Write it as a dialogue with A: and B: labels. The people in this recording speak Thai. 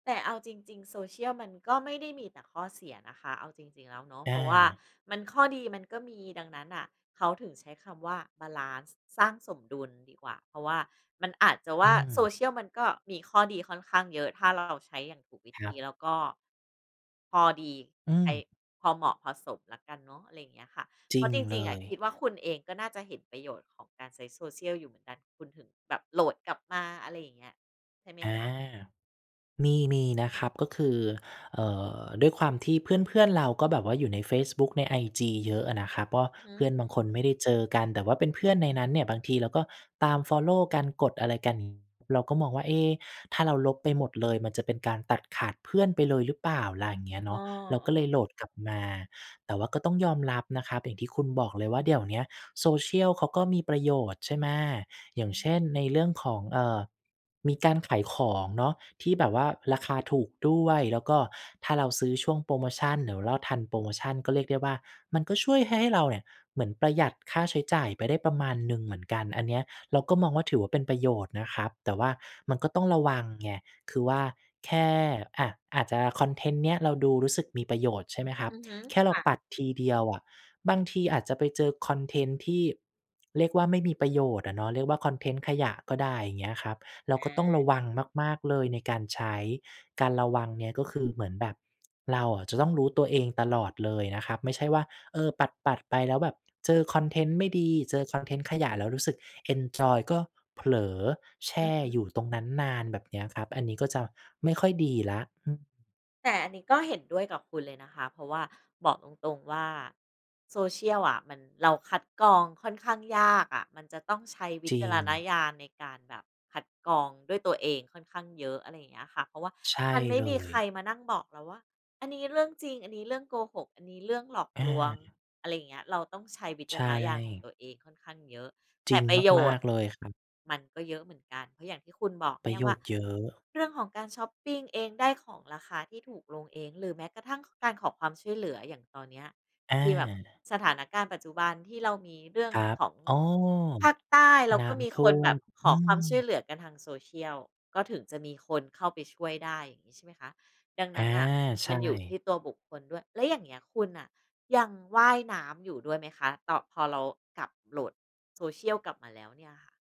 A: แต่เอาจริง ๆ โซเชียลมันก็ไม่ได้มีแต่ข้อเสียนะคะ เอาจริง ๆ แล้วเนาะ
B: อ
A: เพราะว่า
B: า
A: มันข้อดีมันก็มี ดังนั้นน่ะ เขาถึงใช้คำว่าบาลันซ์ สร้างสมดุลดีกว่า เพราะว่ามันอาจจะว
B: อ
A: ่
B: ื
A: า โซ
B: ม
A: เชียล มันก็มีข้อดีค่อนข้างเยอะ ถ้าเราใช้อย่างถูกวิ
B: ค
A: ธ
B: ร
A: ี
B: ับ
A: แล้วก็ พอดี
B: อื
A: ใคร
B: ม
A: พอเหมาะพอสมแล้วกันเนาะ อะไรอย่างเงี้ยค่ะ
B: จ
A: เพ
B: ร
A: ร
B: ิ
A: าะ
B: ง
A: จร
B: เล
A: ิง
B: ย
A: ๆ คิดว่า คุณเองก็น่าจะเห็นประโยชน์ของการใช้โซเชียลอยู่เหมือนกัน คุณถึงแบบโหลดกลับมา อะไรอย่างเงี้ย ใช่ไหม
B: อา
A: คะ?
B: มี มีนะครับ ก็คือ เอ่อ ด้วยความที่เพื่อน ๆ เรา ก็แบบว่าอยู่ในเฟซบุ๊ก ในไอจีเยอะอะนะครับ เพราะว่าเพื่อ
A: หือ
B: นบางคนไม่ได้เจอกัน แต่ว่าเป็นเพื่อนในนั้นเนี่ย บางทีเราก็ตามฟอลโลว์กัน กดอะไรกัน เราก็มองว่า เอ๊ะ ถ้าเราลบไปหมดเลย มันจะเป็นการตัดขาดเพื่อนไปเลยหรือเปล่าล่ะ อย่างเงี้ย
A: อ
B: เ
A: ๋
B: น
A: อ
B: าะ เราก็เล
A: ๆ
B: ยโหลดกลับมา แต่ว่าก็ต้องยอมรับนะครับ อย่างที่คุณบอกเลยว่า เดี๋ยวเนี้ยโซเชียลเขาก็มีประโยชน์ใช่ไหม? อย่
A: อ
B: าง
A: ื
B: เช่น
A: ม
B: ในเรื่องของ เอ่อ มีการขายของเนาะ ที่แบบว่าราคาถูกด้วย แล้วก็ถ้าเราซื้อช่วงโพรโมชัน หรือเราทันโพรโมชันก็เรียกได้ว่า มันก็ช่วยให้เราเนี่ย เหมือนประหยัดค่าใช้จ่ายไปได้ประมาณหนึ่งเหมือนกัน อันเนี้ย เราก็มองว่าถือว่าเป็นประโยชน์นะครับ แต่ว่ามันก็ต้องระวังไง คือว่าแค่ อะ อาจจะคอนเทนต์เนี้ย เราดูรู้สึกมีประโยชน์ ใช่ไหมครั
A: อ
B: บ?
A: ือฮึ
B: แค่
A: ค
B: เรา
A: ่
B: ป
A: ะ
B: ัดทีเดียวอะ บางทีอาจจะไปเจอคอนเทนต์ที่ เรียกว่า ไม่มีประโยชน์อะเนาะ เรียกว่าคอนเทนต์ขยะก็ได้ อย่างเงี้ยครับ เรา
A: อ
B: ก็ต้อง
A: า
B: ระวังมาก ๆ เลย ในการใช้ การระวังเนี่ย ก็คือเหมือนแบบ เราอะจะต้องรู้ตัวเองตลอดเลยนะครับ ไม่ใช่ว่า เออ ปัด ๆ ไปแล้ว แบบเจอคอนเทนต์ไม่ดี เจอคอนเทนต์ขยะ แล้วรู้สึก เอนจอย ก็เผลอ แช
A: อื
B: ่
A: อฮึ
B: อยู่ตรงนั้นนานแบบเนี้ยครับ อันนี้ก็จะไม่ค่อยดีแล้ว อืม
A: แต่อันนี้ก็เห็นด้วยกับคุณเลยนะคะ เพราะว่าบอกตรง ๆ ว่า โซเชียลอะ มัน เราคัดกรองค่อนข้างยากอะ มันจะต้องใช้ว
B: จ
A: ิ
B: ร
A: จ
B: ิ
A: ารณ
B: ง
A: ญาณ ในการแบบคัดกรองด้วยตัวเอง ค่อนข้างเยอะ อะไรอย่างเงี้ยค่ะ เพราะว่า
B: ใช่
A: มันไม่
B: เล
A: มีใคร
B: ย
A: มานั่งบอกเราว่า อันนี้เรื่องจริง อันนี้เรื่องโกหก อันนี้เรื่องหลอก
B: อ
A: ลวง
B: า
A: อะไรอย่างเงี้ย เราต้องใช้วิ
B: ใ
A: จ
B: ช
A: ารณญาณของ
B: ่
A: ตัวเองค่อนข้างเยอะ แ
B: จ
A: ต
B: ริ
A: ่
B: ง
A: ประโย
B: มา
A: ชน
B: ก
A: ์
B: ๆ เลยครับ
A: มันก็เยอะเหมือนกัน เพราะอย่างที่คุณบอก
B: ป
A: เน
B: ร
A: ี่
B: ะ
A: ย
B: โย
A: ว่า
B: ชน์เยอะ
A: เรื่องของการช็อปปิงเอง ได้ของราคาที่ถูกลงเอง หรือแม้กระทั่งการขอความช่วยเหลือ อย่างตอนเนี้ย
B: อ
A: คือแบบ
B: า
A: สถานการณ์ปัจจุบัน ที่เรามีเรื่อง
B: ครับ
A: ของ
B: อ๋อ
A: ภาคใต้ เรา
B: น้
A: ก็มี
B: ำท
A: ค
B: ่
A: น
B: ว
A: แบ
B: ม
A: บข
B: อื
A: อความช่วย
B: ม
A: เหลือกันทางโซเชียล ก็ถึงจะมีคนเข้าไปช่วยได้อย่างงี้ใช่ไหมคะ? ดัง
B: อ
A: น
B: า
A: ั้นน่ะ
B: ใช
A: มันอยู่ท
B: ่
A: ี่ตัวบุคคลด้วย แล้วอย่างเงี้ย คุณน่ะยังว่ายน้ำอยู่ด้วยไหมคะ ต พอเรากลับ โหลดโซเชียลกลับมาแล้วเนี่ยค่ะ?